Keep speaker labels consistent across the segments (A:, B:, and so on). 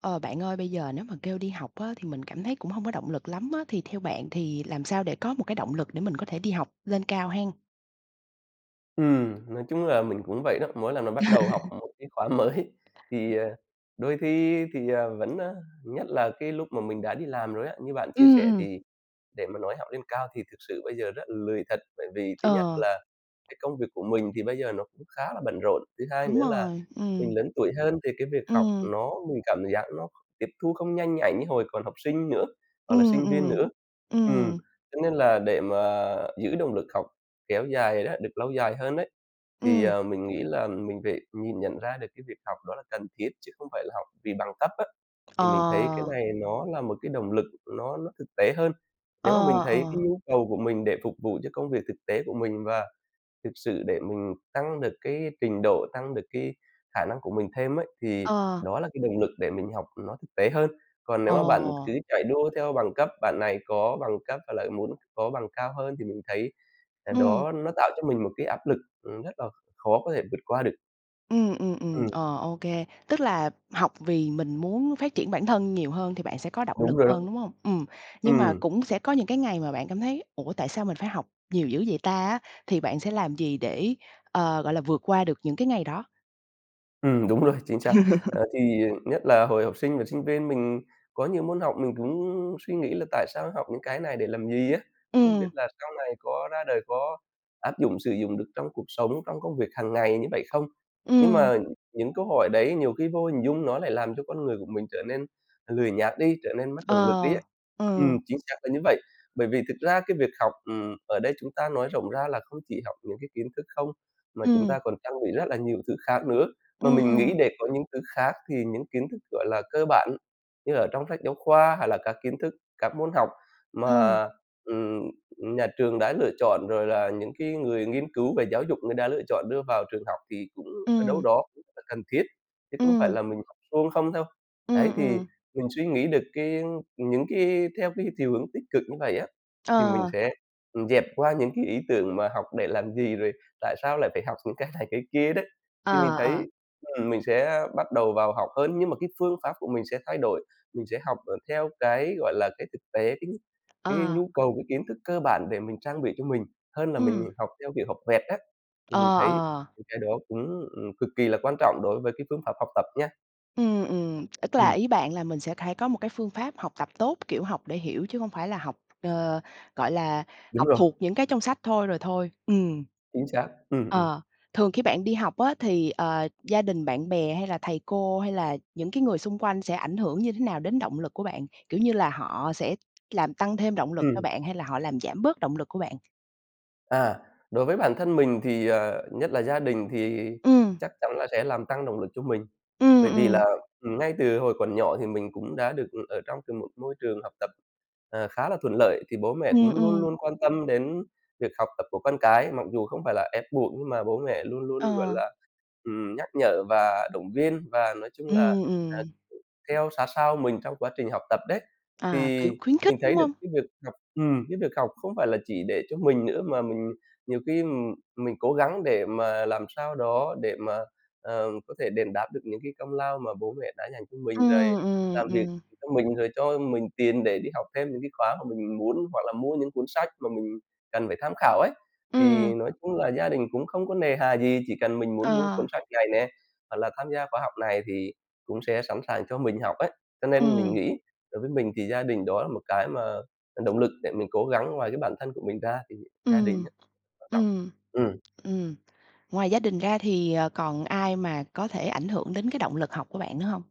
A: Ờ, bạn ơi bây giờ nếu mà kêu đi học á, thì mình cảm thấy cũng hông có động lực lắm á. Thì theo bạn thì làm sao để có một cái động lực để mình có thể đi học lên cao hen?
B: Ừm, nói chung là mình cũng vậy đó. Mỗi lần mà bắt đầu học một cái khóa mới,
A: [unintelligible]
B: thì, ờ, đôi khi thì, ờ, vẫn, a, nhất là cái lúc mà mình đã đi làm rồi á, như bạn chia
A: Ừm,
B: sẻ,
A: ừm.
B: thì để mà nói học lên cao thì thực sự bây giờ rất là lười thật. Bởi vì thứ nhất
A: Ờ.
B: là cái công việc của mình thì bây giờ nó cũng khá là bận rộn, thứ hai
A: Đúng
B: nữa là
A: rồi,
B: mình
A: ừm.
B: lớn tuổi hơn thì cái việc học
A: Ừm.
B: nó mình cảm giác nó tiếp thu không nhanh nhạy như hồi còn học sinh nữa, hoặc là
A: Ừm,
B: sinh viên
A: ừm.
B: nữa. Ừm,
A: Ừm.
B: cho nên là để mà giữ động lực học kéo dài đó, được lâu dài hơn ấy, thì,
A: Ừm.
B: ờ, mình nghĩ là mình phải nhìn nhận ra được cái việc học đó là cần thiết chứ không phải là học vì bằng cấp á,
A: Ờ.
B: thì mình thấy cái này nó là một cái động lực nó nó thực tế hơn.
A: Ờ,
B: Nếu mà mình thấy cái
A: ờ.
B: nhu cầu của mình để phục vụ cho công việc thực tế của mình và thực sự để mình tăng được cái trình độ, tăng được cái khả năng của mình thêm ấy, thì
A: Ờ.
B: đó là cái động lực để mình học nó thực tế hơn. Còn nếu mà bạn
A: Ồ.
B: cứ chạy đua theo bằng cấp, bạn này có bằng cấp và lại muốn có bằng cao hơn thì mình thấy, ờ,
A: Ừm.
B: đó nó tạo cho mình một cái áp lực, ừm, rất là khó có thể vượt qua được.
A: Ừm, ừm, ừm,
B: Ừm.
A: ờ, ô kê. Tức là học vì mình muốn phát triển bản thân nhiều hơn thì bạn sẽ có động lực
B: Đúng rồi đó.
A: hơn, đúng hông? Ừm. Nhưng mà
B: Ừm.
A: cũng sẽ có những cái ngày mà bạn cảm thấy "ủa, tại sao mình phải học nhiều dữ vậy ta" á, thì bạn sẽ làm gì để, ờ, gọi là, vượt qua được những cái ngày đó?
B: Ừm, đúng rồi, chính xác. Ờ, thì nhất là hồi học sinh và sinh viên, mình có nhiều môn học mình cũng suy nghĩ là tại sao học những cái này để làm gì á, không biết
A: Ừm.
B: là sau này có ra đời có áp dụng, sử dụng được trong cuộc sống, trong công việc hàng ngày như vậy không? Nhưng
A: Ừm.
B: mà những câu hỏi đấy nhiều khi vô hình dung nó lại làm cho con người của mình trở nên lười nhác đi, trở nên mất động lực đi á.
A: Ờ,
B: Ừm,
A: ừ.
B: chính xác là như vậy. Bởi vì thực ra cái việc học, ừm, ở đây chúng ta nói rộng ra là không chỉ học những cái kiến thức không, mà chúng ta
A: Ừm.
B: còn trang bị rất là nhiều thứ khác nữa. Mà
A: Ừm,
B: mình nghĩ
A: ừm.
B: để có những thứ khác thì những kiến thức, gọi là, cơ bản như ở trong sách giáo khoa hay là các kiến thức, các môn học
A: Ừm.
B: mà, ừm, nhà trường đã lựa chọn rồi là những cái người nghiên cứu về giáo dục người đã lựa chọn đưa vào trường học thì cũng ở đâu
A: Ừm.
B: đó cũng là cần thiết, chứ không phải
A: Ừm.
B: là mình học suông không đâu. Ấy,
A: Ừm,
B: thì
A: ừm.
B: mình suy nghĩ được cái những cái theo cái chiều hướng tích cực như vậy á, thì mình
A: Ờ.
B: sẽ, ừm, dẹp qua những cái ý tưởng mà học để làm gì, rồi tại sao lại phải học những cái này cái kia đấy. Thì mình
A: Ờ,
B: thấy,
A: ờ.
B: ừm, mình sẽ bắt đầu vào học hơn nhưng mà cái phương pháp của mình sẽ thay đổi. Mình sẽ học, ờ, theo cái, gọi là, cái thực tế, cái cái
A: Ờ.
B: nhu cầu, cái kiến thức cơ bản để mình trang bị cho mình hơn là mình
A: Ừm.
B: học theo kiểu học vẹt á. Thì mình
A: Ờ,
B: thấy
A: ờ.
B: mấy cái đó cũng, ừm, cực kỳ là quan trọng đối với cái phương pháp học tập nha.
A: Ừm, ừm. Ức là
B: Ừm.
A: ý bạn là mình sẽ cải có một cái phương pháp học tập tốt, kiểu, học để hiểu chứ hông phải là học, ờ, gọi là,
B: Đúng
A: học
B: rồi.
A: thuộc những cái trong sách thôi rồi thôi. Ừm.
B: Chính xác. Ừm, ừm.
A: Ờ. Thường khi bạn đi học á thì, ờ, gia đình, bạn bè, hay là thầy cô, hay là những cái người xung quanh sẽ ảnh hưởng như thế nào đến động lực của bạn, kiểu như là, họ sẽ làm tăng thêm động lực cho
B: Ừm.
A: bạn, hay là họ làm giảm bớt động lực của bạn?
B: À. Đối với bản thân mình thì, ờ, nhất là gia đình thì
A: Ừm.
B: chắc chắn là sẽ làm tăng động lực cho mình.
A: Ừm,
B: Bởi vì
A: ừm.
B: là, ừm, ngay từ hồi còn nhỏ thì mình cũng đã được ở trong từ một môi trường học tập, ờ, khá là thuận lợi, thì bố mẹ
A: Ừm,
B: cũng luôn
A: ừm.
B: luôn quan tâm đến việc học tập của con cái. Mặc dù không phải là ép buộc, nhưng mà bố mẹ luôn luôn, gọi
A: Ờ.
B: là, ừm, nhắc nhở và động viên, và nói chung là,
A: Ừm,
B: à,
A: ừm.
B: theo sát sao mình trong quá trình học tập đấy.
A: À,
B: Thì
A: kiểu, khuyến khích,
B: mình
A: đúng
B: thấy được
A: hông?
B: cái việc học, ừm, cái việc học không phải là chỉ để cho mình nữa, mà mình nhiều khi, ừm, mình cố gắng để mà làm sao đó để mà, ờ, có thể đền đáp được những cái công lao mà bố mẹ đã dành cho mình này,
A: Ừm, ừm,
B: làm việc
A: ừm.
B: cho mình rồi cho mình tiền để đi học thêm những cái khóa mà mình muốn, hoặc là mua những cuốn sách mà mình cần phải tham khảo ấy. Thì
A: Ừm.
B: nói chung là gia đình cũng không có nề hà gì, chỉ cần mình muốn mua
A: Ờ.
B: cuốn sách này nè, hoặc là tham gia khóa học này thì cũng sẽ sẵn sàng cho mình học ấy. Cho nên mình
A: Ừm.
B: nghĩ đối với mình thì gia đình đó là một cái mà làm động lực để mình cố gắng ngoài cái bản thân của mình ra thì gia đình
A: Ừm,
B: á, quan trọng.
A: ừm,
B: Ừm.
A: ừm. Ngoài gia đình ra thì, ờ, còn ai mà có thể ảnh hưởng đến cái động lực học của bạn nữa hông?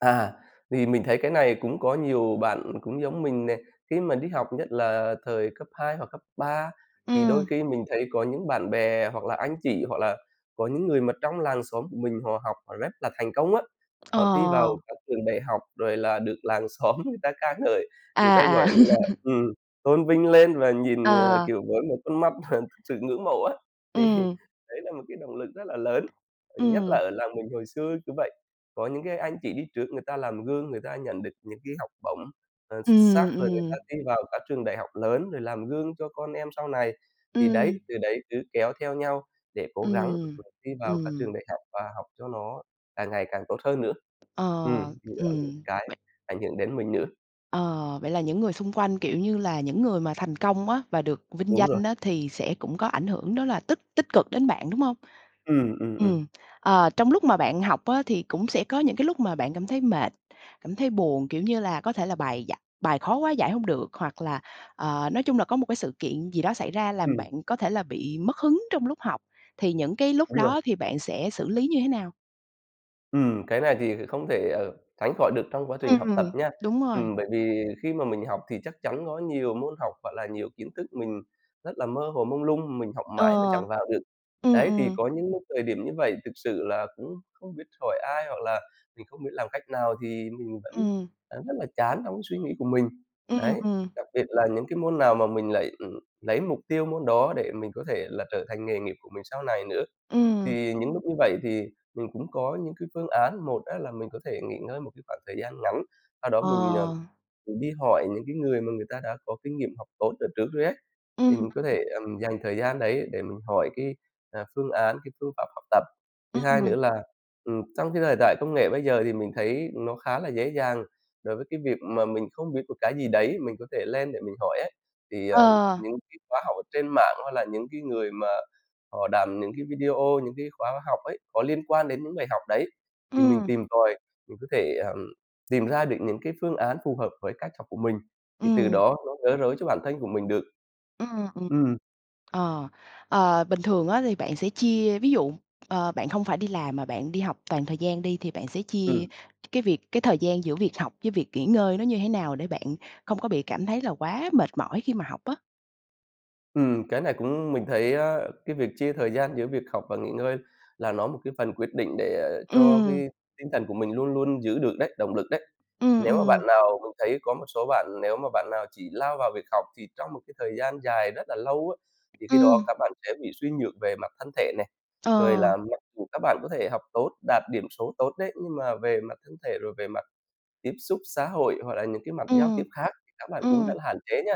B: À, thì mình thấy cái này cũng có nhiều bạn cũng giống mình nè. Khi mà đi học nhất là thời cấp 2 hoặc cấp 3 thì đôi
A: Ừm.
B: khi mình thấy có những bạn bè hoặc là anh chị, hoặc là có những người mà trong làng xóm của mình họ học họ rất là thành công á. Họ thi vào
A: Ờ.
B: các trường đại học rồi là được làng xóm người ta ca ngợi, người ta,
A: À, à.
B: gọi là, ừm, tôn vinh lên, và nhìn, ờ,
A: Ờ.
B: kiểu, với một con mắt mà sự ngưỡng mộ á. Thì
A: Ừm.
B: đấy là một cái động lực rất là lớn, nhất là
A: Ừm.
B: ở làng mình hồi xưa cứ vậy. Có những cái anh chị đi trước người ta làm gương, người ta nhận được những cái học bổng, ờ, x xác
A: Ừm,
B: rồi người ta
A: ừm.
B: thi vào các trường đại học lớn, rồi làm gương cho con em sau này. Thì
A: Ừm.
B: đấy, từ đấy cứ kéo theo nhau để cố gắng
A: Ừm,
B: là thi vào các trường
A: ừm.
B: đại học và học cho nó càng ngày càng tốt hơn nữa. Ừm,
A: Ờ.
B: thì đó là những
A: Ừm,
B: cái
A: bạn
B: ảnh hưởng đến mình nữa.
A: Ờ, vậy là những người xung quanh, kiểu như là, những người mà thành công á và được vinh
B: Đúng rồi.
A: danh á thì sẽ cũng có ảnh hưởng đó là tích tích cực đến bạn, đúng hông?
B: Ừm, ừm, ừm.
A: Ừm, ờ, trong lúc mà bạn học á thì cũng sẽ có những cái lúc mà bạn cảm thấy mệt, cảm thấy buồn, kiểu như là, có thể là bài giải bài khó quá giải hông được, hoặc là, ờ, nói chung là có một cái sự kiện gì đó xảy ra làm
B: Ừm.
A: bạn có thể là bị mất hứng trong lúc học, thì những cái lúc
B: Đúng rồi.
A: đó thì bạn sẽ xử lý như thế nào?
B: Ừm, cái này thì không thể, ờ, tránh khỏi được trong quá trình học tập
A: Ừm,
B: nha.
A: đúng rồi.
B: Ừm, bởi vì khi mà mình học thì chắc chắn có nhiều môn học, gọi là, nhiều kiến thức mình rất là mơ hồ mông lung, mình học mãi mà
A: Ờ.
B: chẳng vào được.
A: Ừm,
B: Đấy, thì
A: ừm.
B: có những thời điểm như vậy thực sự là cũng không biết hỏi ai hoặc là mình không biết làm cách nào, thì mình vẫn
A: Ừm.
B: vẫn rất là chán trong cái suy nghĩ của mình.
A: Ừm,
B: Đấy,
A: ừm.
B: đặc biệt là những cái môn nào mà mình lại lấy mục tiêu môn đó, để mình có thể là trở thành nghề nghiệp của mình sau này nữa.
A: Ừm.
B: Thì những lúc như vậy thì mình cũng có những cái phương án, một á là mình có thể nghỉ ngơi một cái khoảng thời gian ngắn, sau đó
A: Ờ.
B: mình, ờ, mình đi hỏi những cái người mà người ta đã có kinh nghiệm học tốt ở trước rồi ấy, thì
A: Ừm,
B: mình có
A: ừm.
B: thể, ờm, dành thời gian đấy để mình hỏi cái, à, phương án, cái phương pháp học tập. Thứ hai nữa
A: Ừm.
B: là, ừm, trong cái thời đại công nghệ bây giờ thì mình thấy nó khá là dễ dàng, đối với cái việc mà mình không biết một cái gì đấy, mình có thể lên để mình hỏi ấy. Thì, ờ,
A: Ờ.
B: những cái khóa học ở trên mạng, hay là những cái người mà họ làm những cái video những cái khóa học ấy, có liên quan đến những bài học đấy thì mình
A: Ừm.
B: tìm tòi, mình có thể, ờm, tìm ra được những cái phương án phù hợp với cách học của mình, thì từ
A: Ừm.
B: đó nó gỡ rối cho bản thân của mình được.
A: Ừm, ừm.
B: Ừm.
A: Ờ. Ờ, bình thường á thì bạn sẽ chia ví dụ, ờ, bạn không phải đi làm, mà bạn đi học toàn thời gian đi, thì bạn sẽ chia
B: Ừm.
A: cái việc cái thời gian giữa việc học với việc nghỉ ngơi nó như thế nào, để bạn không có bị cảm thấy là quá mệt mỏi khi mà học á?
B: Ừm, cái này cũng mình thấy, ơ, cái việc chia thời gian giữa việc học và nghỉ ngơi là nó một cái phần quyết định để cho
A: Ừm.
B: cái tinh thần của mình luôn luôn giữ được đấy, động lực đấy.
A: Ừm,
B: Nếu mà bạn
A: ừm.
B: nào mình thấy có một số bạn, nếu mà bạn nào chỉ lao vào việc học thì trong một cái thời gian dài rất là lâu á, thì khi đó
A: Ừm.
B: các bạn sẽ bị suy nhược về mặt thân thể nè.
A: Ờ.
B: Rồi là mặc dù các bạn có thể học tốt, đạt điểm số tốt đấy, nhưng mà về mặt thân thể, rồi về mặt tiếp xúc xã hội, hoặc là những cái mặt giao
A: Ừm.
B: tiếp khác thì các bạn cũng
A: Ừm.
B: rất là hạn chế nha.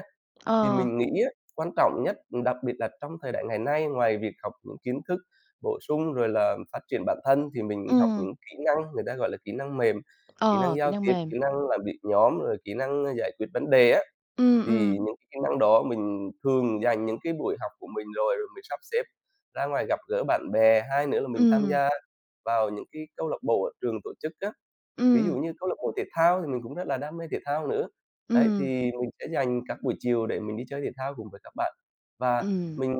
B: Thì
A: Ờ.
B: mình nghĩ á, quan trọng nhất, đặc biệt là trong thời đại ngày nay, ngoài việc học những kiến thức bổ sung rồi là, ừm, phát triển bản thân thì mình học
A: Ừm.
B: những kỹ năng, người ta gọi là kỹ năng mềm, kỹ năng
A: Ờ, kỹ
B: giao
A: năng
B: tiếp,
A: mềm.
B: kỹ năng làm việc nhóm, rồi kỹ năng, a, giải quyết vấn đề á.
A: Ừm, ừm.
B: Thì những cái kỹ năng đó mình thường dành những cái buổi học của mình rồi, rồi mình sắp xếp ra ngoài gặp gỡ bạn bè. Hai nữa là mình tham
A: Ừm.
B: gia vào những cái câu lạc bộ ở trường tổ chức á, ví dụ
A: Ừm.
B: như câu lạc bộ thể thao, thì mình cũng rất là đam mê thể thao nữa. Đấy, thì
A: Ừm.
B: mình sẽ dành các buổi chiều để mình đi chơi thể thao cùng với các bạn, và
A: Ừm.
B: mình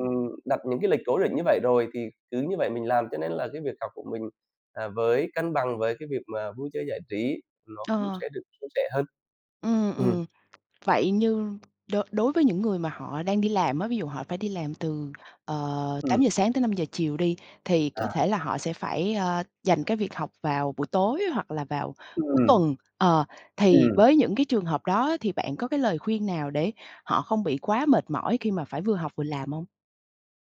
B: đặt những cái lịch cố định như vậy rồi, thì cứ như vậy mình làm. Cho nên là cái việc học của mình, à, với cân bằng với cái việc mà vui chơi giải trí nó cũng
A: Ờ.
B: sẽ được suôn sẻ hơn.
A: Ừm,
B: Ừm.
A: ừm. Vậy như đối đối với những người mà họ đang đi làm á, ví dụ họ phải đi làm từ, ờ,
B: Ừm.
A: 8:00-17:00 đi, thì có thể
B: À.
A: là họ sẽ phải, ơ, dành cái việc học vào buổi tối hoặc là vào cuối
B: Ừm.
A: tuần, ờ, thì với
B: Ừm.
A: những cái trường hợp đó ấy thì bạn có cái lời khuyên nào để họ không bị quá mệt mỏi khi mà phải vừa học vừa làm hông?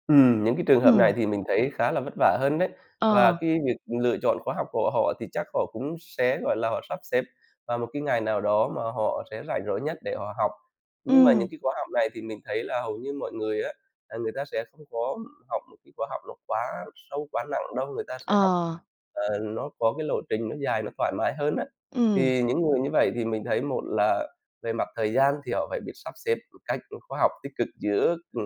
B: Ừm, những cái trường hợp này
A: Ừm.
B: thì mình thấy khá là vất vả hơn đấy, và
A: Ờ.
B: cái việc lựa chọn khóa học của họ thì chắc họ cũng sẽ, gọi là, họ sắp xếp vào một cái ngày nào đó mà họ sẽ rảnh rỗi nhất để họ học. Nhưng mà những
A: Ừm.
B: cái khóa học này thì mình thấy là hầu như mọi người á, là người ta sẽ không có học một cái khóa học nó quá sâu, quá nặng đâu, người ta sẽ học,
A: Ờ.
B: ờ, nó có cái lộ trình nó dài, nó thoải mái hơn á.
A: Ừm.
B: Thì những người như vậy thì mình thấy một là về mặt thời gian, thì họ phải biết sắp xếp một cách nó khoa học tích cực giữa, ừ,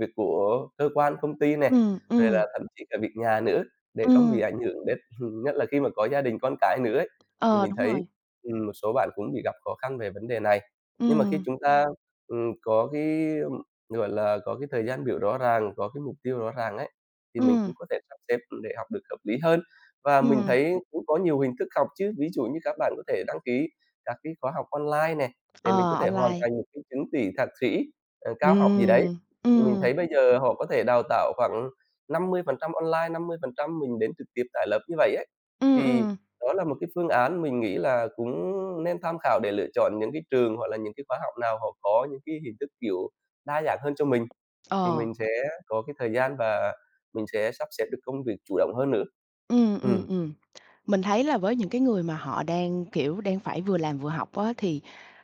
B: việc của cơ quan, công ty này,
A: Ừm,
B: rồi
A: ừm.
B: là thậm chí cả việc nhà nữa, để không bị
A: Ừm.
B: ảnh hưởng đến nhất là khi mà có gia đình, con cái nữa ấy. Thì
A: Ờ,
B: mình
A: đúng
B: thấy,
A: rồi.
B: ừm, một số bạn cũng bị gặp khó khăn về vấn đề này. Nhưng mà khi
A: Ừm.
B: chúng ta, ừm, có cái, gọi là, có cái thời gian biểu rõ ràng, có cái mục tiêu rõ ràng ấy, thì mình
A: Ừm.
B: cũng có thể sắp xếp để học được hợp lý hơn. Và mình
A: Ừm.
B: thấy cũng có nhiều hình thức học chứ, ví dụ như các bạn có thể đăng ký các cái khóa học online này, để
A: Ờ,
B: mình có thể hoàn
A: online.
B: thành một cái chứng chỉ thạc sĩ, ờ, cao học gì đấy.
A: Ừm.
B: Thì mình
A: Ừm.
B: thấy bây giờ họ có thể đào tạo khoảng 50% online, 50% mình đến trực tiếp tại lớp như vậy ấy,
A: Ừm,
B: thì
A: ừm.
B: đó là một cái phương án mình nghĩ là cũng nên tham khảo để lựa chọn những cái trường hoặc là những cái khóa học nào họ có những cái hình thức, kiểu, đa dạng hơn cho mình. Thì
A: Ờ.
B: mình sẽ có cái thời gian và mình sẽ sắp xếp được công việc chủ động hơn nữa.
A: Ừm, ừm,
B: Ừm.
A: ừm. Mình thấy là với những cái người mà họ đang, kiểu, đang phải vừa làm vừa học á, thì,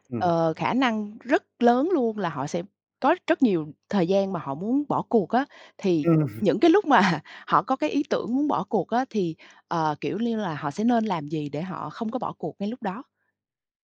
B: Ừm.
A: ờ, khả năng rất lớn luôn là họ sẽ có rất nhiều thời gian mà họ muốn bỏ cuộc á. Thì
B: Ừm.
A: những cái lúc mà họ có cái ý tưởng muốn bỏ cuộc á thì, ờ, kiểu như là, họ sẽ nên làm gì để họ không có bỏ cuộc ngay lúc đó?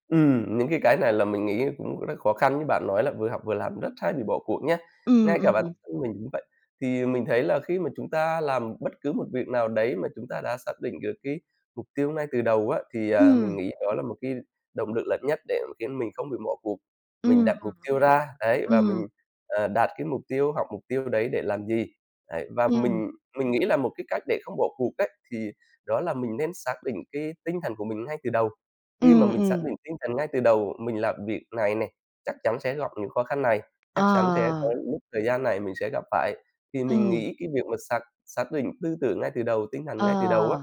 B: Ừm, những cái cái này là mình nghĩ cũng rất khó khăn như bạn nói là vừa học vừa làm rất hay bị bỏ cuộc nhá.
A: Ừm,
B: Ngay cả bản
A: ừm.
B: thân mình cũng vậy, thì mình thấy là khi mà chúng ta làm bất cứ một việc nào đấy mà chúng ta đã xác định được cái mục tiêu ngay từ đầu á, thì, à, mình
A: Ừm.
B: nghĩ đó là một cái động lực lớn nhất để khiến mình không bị bỏ cuộc. Mình
A: Ừm,
B: đặt
A: ừm.
B: mục tiêu ra đấy và
A: Ừm.
B: mình, ờ, đạt cái mục tiêu, học mục tiêu đấy để làm gì. Đấy, và
A: Ừm.
B: mình mình nghĩ là một cái cách để không bỏ cuộc ấy, thì đó là mình nên xác định cái tinh thần của mình ngay từ đầu. Khi mà
A: Ừm,
B: mình xác
A: ừm.
B: định tinh thần ngay từ đầu mình làm việc này này, chắc chắn sẽ gặp những khó khăn này,
A: Ờ.
B: chắc chắn sẽ có những lúc thời gian này mình sẽ gặp phải. Thì mình
A: Ừm.
B: nghĩ cái việc mà xác xác định tư tưởng ngay từ đầu, tinh thần
A: Ờ.
B: ngay từ đầu á,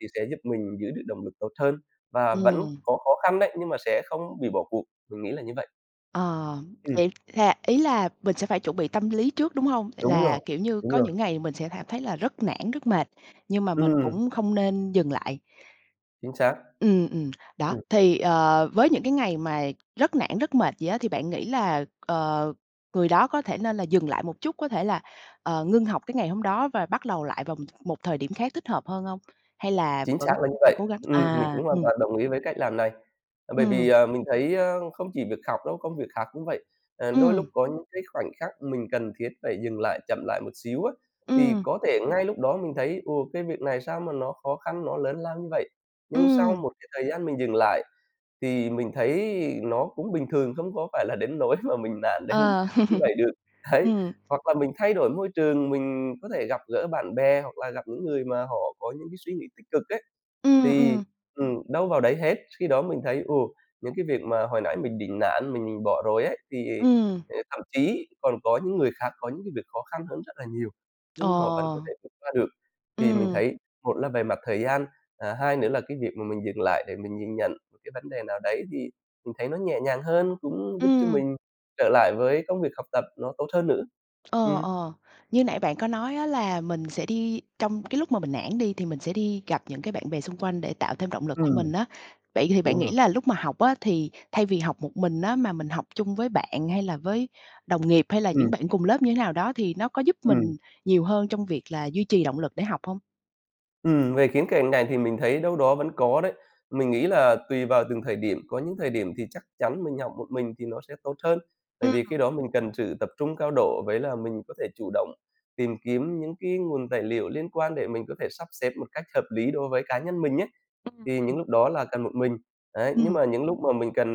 B: thì sẽ giúp mình giữ được động lực tốt hơn. Và vẫn
A: Ừm.
B: có khó khăn đấy nhưng mà sẽ không bị bỏ cuộc, mình nghĩ là như vậy.
A: Ờ,
B: Ừm.
A: vậy là ý là mình sẽ phải chuẩn bị tâm lý trước, đúng hông?
B: Đúng rồi,
A: Là, kiểu như,
B: đúng
A: có
B: rồi.
A: những ngày mình sẽ cảm thấy là rất nản, rất mệt nhưng mà mình
B: Ừm.
A: cũng không nên dừng lại.
B: Chính xác.
A: Ừm, ừm, đó,
B: Ừm.
A: thì, ờ, với những cái ngày mà rất nản rất mệt vậy á, thì bạn nghĩ là, ờ, người đó có thể nên là dừng lại một chút, có thể là, ờ, ngưng học cái ngày hôm đó và bắt đầu lại vào một thời điểm khác thích hợp hơn hông? Hay là
B: Chính
A: vẫn
B: xác là
A: cứ
B: như
A: phải
B: vậy,
A: cố gắng?
B: ừm, mình
A: À,
B: cũng hoàn
A: ừm.
B: toàn đồng ý với cách làm này. Bởi vì,
A: Ừm.
B: ờ, mình thấy, ơ, không chỉ việc học đâu, công việc khác cũng vậy, ờ, đôi lúc
A: Ừm.
B: có những cái khoảnh khắc mình cần thiết phải dừng lại, chậm lại một xíu á. Thì
A: Ừm.
B: có thể ngay lúc đó mình thấy, ồ, cái việc này sao mà nó khó khăn, nó lớn lao như vậy, nhưng sau
A: Ừm.
B: một cái thời gian mình dừng lại thì mình thấy nó cũng bình thường không có phải là đến nỗi mà mình nản đến
A: Ờ.
B: như vậy được, đấy,
A: Ừm.
B: hoặc là mình thay đổi môi trường, mình có thể gặp gỡ bạn bè hoặc là gặp những người mà họ có những cái suy nghĩ tích cực ấy
A: Ừm,
B: thì
A: ừm.
B: ừm, đâu vào đấy hết. Khi đó mình thấy, ừ, những cái việc mà hồi nãy mình định nản, mình bỏ rồi ấy thì
A: Ừm.
B: thậm chí còn có những người khác có những cái việc khó khăn hơn rất là nhiều nhưng họ vẫn có
A: Ồ.
B: thể vượt qua được. Thì mình
A: Ừm.
B: thấy một là về mặt thời gian, à, hai nữa là cái việc mà mình dừng lại để mình nhìn nhận một cái vấn đề nào đấy thì mình thấy nó nhẹ nhàng hơn cũng giúp cho
A: Ừm.
B: mình trở lại với công việc học tập nó tốt hơn nữa.
A: Ờ,
B: Ừm.
A: ờ. Như nãy bạn có nói á, là mình sẽ đi trong cái lúc mà mình nản đi thì mình sẽ đi gặp những cái bạn bè xung quanh để tạo thêm động lực cho
B: Ừm.
A: mình á. Vậy thì bạn
B: Đúng
A: nghĩ
B: rồi.
A: là lúc mà học á, thì thay vì học một mình á, mà mình học chung với bạn hay là với đồng nghiệp hay là
B: Ừm.
A: những bạn cùng lớp như thế nào đó thì nó có giúp
B: Ừm.
A: mình nhiều hơn trong việc là duy trì động lực để học hông?
B: Ừm, về khía cạnh này thì mình thấy đâu đó vẫn có đấy. Mình nghĩ là tùy vào từng thời điểm, có những thời điểm thì chắc chắn mình học một mình thì nó sẽ tốt hơn, tại vì khi
A: A!
B: đó mình cần sự tập trung cao độ, với là mình có thể chủ động tìm kiếm những cái nguồn tài liệu liên quan để mình có thể sắp xếp một cách hợp lý đối với cá nhân mình ấy, thì những
A: [unintelligible]
B: lúc đó là cần một mình. Đấy, nhưng
A: Ừm.
B: mà những lúc mà mình cần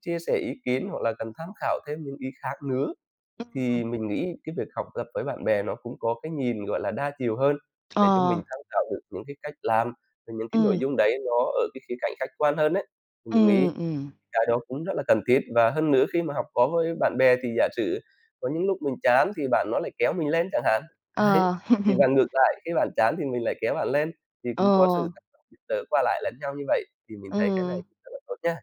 B: chia sẻ ý kiến hoặc là cần tham khảo thêm những ý khác nữa,
A: Ừm.
B: thì mình nghĩ cái việc học tập với bạn bè nó cũng có cái nhìn, gọi là, đa chiều hơn để cho mình
A: Ờ.
B: tham khảo được những cái cách làm và những cái nội
A: Ừm.
B: dung đấy nó ở cái khía cạnh khách quan hơn ấy. Mình
A: Ừm,
B: nghĩ
A: ừm.
B: cái đó cũng rất là cần thiết. Và hơn nữa khi mà học có hơi bạn bè thì giả sử có những lúc mình chán thì bạn nó lại kéo mình lên chẳng hạn, đấy,
A: Ờ.
B: thì và ngược lại khi bạn chán thì mình lại kéo bạn lên. Thì
A: Ờ.
B: cũng có sự tác động giúp đỡ qua lại lẫn nhau như vậy thì mình thấy cái này
A: Ừm.
B: rất là tốt nha.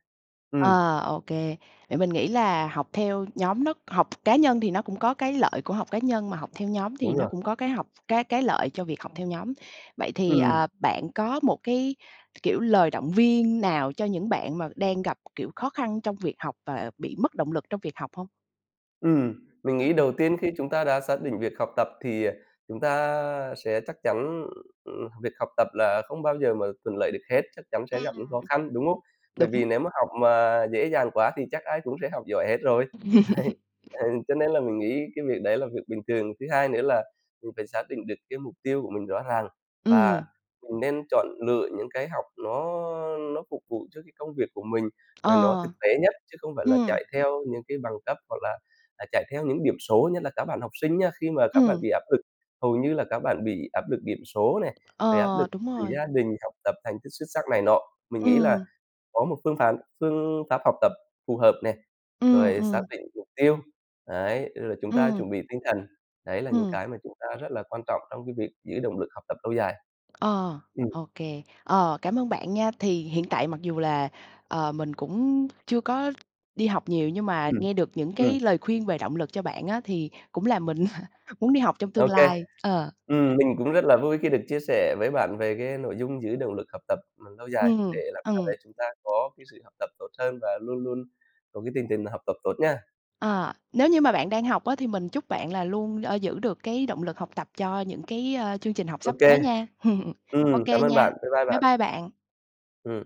B: Ừm.
A: Ờ, ô kê. Vậy mình nghĩ là học theo nhóm nó học cá nhân thì nó cũng có cái lợi của học cá nhân, mà học theo nhóm thì
B: Đúng
A: nó
B: rồi.
A: cũng có cái học cái cái lợi cho việc học theo nhóm. Vậy thì,
B: Ừm.
A: ờ, bạn có một cái, kiểu, lời động viên nào cho những bạn mà đang gặp, kiểu, khó khăn trong việc học và bị mất động lực trong việc học hông?
B: Ừm, mình nghĩ
A: Ừm.
B: đầu tiên khi chúng ta đã xác định việc học tập, thì, ờ, chúng ta sẽ chắc chắn, ừm, việc học tập là không bao giờ mà thuận lợi được hết, chắc chắn sẽ gặp những khó khăn, đúng hông?
A: [unintelligible]
B: Bởi
A: Đúng.
B: vì nếu mà học mà dễ dàng quá thì chắc ai cũng sẽ học giỏi hết rồi. Đấy, ừ, cho nên là mình nghĩ cái việc đấy là việc bình thường. Thứ hai nữa là mình phải xác định được cái mục tiêu của mình rõ ràng, và
A: Ừm.
B: mình nên chọn lựa những cái học nó nó phục vụ cho cái công việc của mình, rồi nó thực
A: Ờ.
B: tế nhất, chứ không phải là
A: Ừm.
B: chạy theo những cái bằng cấp hoặc là, à, chạy theo những điểm số. Nhất là các bạn học sinh nha, khi mà các bạn
A: Ừm.
B: bị áp lực, hầu như là các bạn bị áp lực điểm số này, rồi áp lực
A: Ờ, đúng
B: từ
A: rồi.
B: gia đình, học tập thành tích xuất sắc này nọ. Mình nghĩ là
A: Ừm.
B: có một phương phán phương pháp học tập phù hợp nè,
A: Ừm,
B: rồi xác
A: ừm.
B: định mục tiêu, đấy, rồi chúng ta
A: Ừm.
B: chuẩn bị tinh thần, đấy là những
A: Ừm.
B: cái mà chúng ta rất là quan trọng trong cái việc giữ động lực học tập lâu dài.
A: Ờ,
B: Ừm.
A: ô kê. Ờ, cảm ơn bạn nha! Thì hiện tại mặc dù là, ờ, mình cũng chưa có đi học nhiều, nhưng mà
B: Ừm,
A: nghe được những
B: ừm.
A: cái lời khuyên về động lực cho bạn á, thì cũng làm mình muốn đi học trong
B: Ô
A: tương
B: kê.
A: lai, ờ.
B: Ừm, mình cũng rất là vui khi được chia sẻ với bạn về cái nội dung giữ động lực học tập, ừm, lâu dài để
A: Ừm,
B: làm sao
A: ừm.
B: đấy chúng ta có cái sự học tập tốt hơn, và luôn luôn có cái tinh thần học tập tốt nha.
A: Ờ, nếu như mà bạn đang học á thì mình chúc bạn là luôn, ơ, giữ được cái động lực học tập cho những cái, ơ, chương trình học
B: Ô
A: sắp tới
B: kê.
A: nha. Ô
B: Ừm, cám
A: kê
B: ơn
A: nha.
B: bạn, bye bye
A: Bye
B: bạn.
A: bye bạn.
B: Ừm.